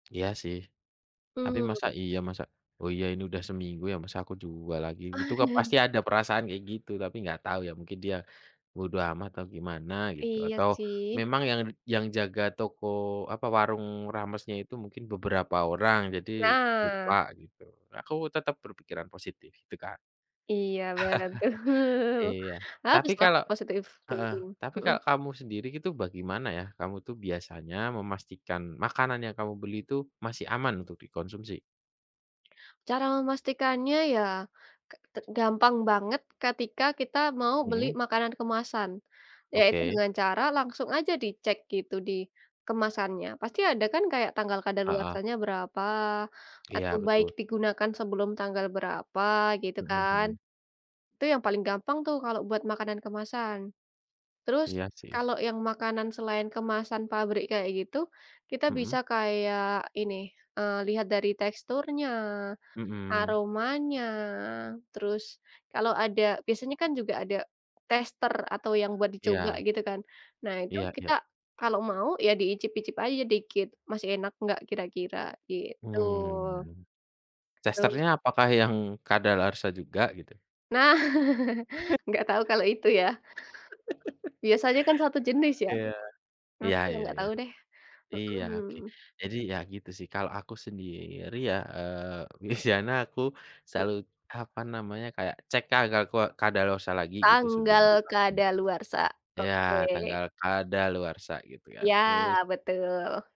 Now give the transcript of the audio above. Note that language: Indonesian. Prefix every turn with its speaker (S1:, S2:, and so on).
S1: Iya sih, tapi masa
S2: Mmm.
S1: iya masa oh, iya, ini udah seminggu ya masa aku jual lagi itu pasti ada perasaan kayak gitu tapi nggak tahu ya mungkin dia bodo amat atau gimana gitu
S2: Iya
S1: atau
S2: sih.
S1: memang yang yang jaga toko apa warung ramesnya itu mungkin beberapa orang jadi
S2: Nah.
S1: lupa gitu. Aku tetap berpikiran positif gitu, Kak.
S2: Iya, betul.
S1: Iya, tapi
S2: Baguslah
S1: kalo
S2: positive
S1: heeh,
S2: thinking,
S1: tapi
S2: mhm.
S1: kalo kamu sendiri itu bagaimana ya, kamu tuh biasanya memastikan makanan yang kamu beli itu masih aman untuk dikonsumsi?
S2: Cara memastikannya ya ke te gampang banget, ketika kita mau beli
S1: Mhm.
S2: makanan kemasan, yaitu
S1: Oke.
S2: dengan cara langsung aja dicek gitu di kemasannya, pasti ada kan kayak tanggal
S1: Heeh.
S2: kadaluarsanya berapa atau
S1: Iya,
S2: baik
S1: betul.
S2: digunakan sebelum tanggal berapa gitu
S1: Mhm
S2: kan.
S1: mhm.
S2: Itu yang paling gampang tuh kalau buat makanan kemasan. Terus
S1: Iya sih.
S2: kalau yang makanan selain kemasan pabrik kayak gitu, kita bisa
S1: Mhm.
S2: kayak ini, eee, lihat dari teksturnya,
S1: Mhm.
S2: aromanya, terus kalau ada, biasanya kan juga ada tester atau yang buat dicoba
S1: Iya.
S2: gitu kan. Nah, itu
S1: Iya iya.
S2: kita kalau mau ya diicip-icip aja dikit masih enak enggak kira-kira gitu.
S1: Mmm.
S2: Terus
S1: Testernya apakah yang kadaluarsa juga gitu?
S2: Nah, enggak tau kalau itu ya. Biasanya kan 1 jenis ya,
S1: Iya, iya
S2: aku yang
S1: iya
S2: enggak
S1: iya.
S2: tau deh,
S1: Iya, oke,
S2: mhm.
S1: jadi ya gitu sih, kalau aku sendiri ya, eee, biasanya aku selalu apa namanya kayak cek kadakua kadaluarsa lagi gitu sebelum
S2: Tanggal
S1: dimakan.
S2: kadaluarsa,
S1: Ya
S2: oke.
S1: tanggal kadaluarsa gitu kan, terus
S2: Ya, betul.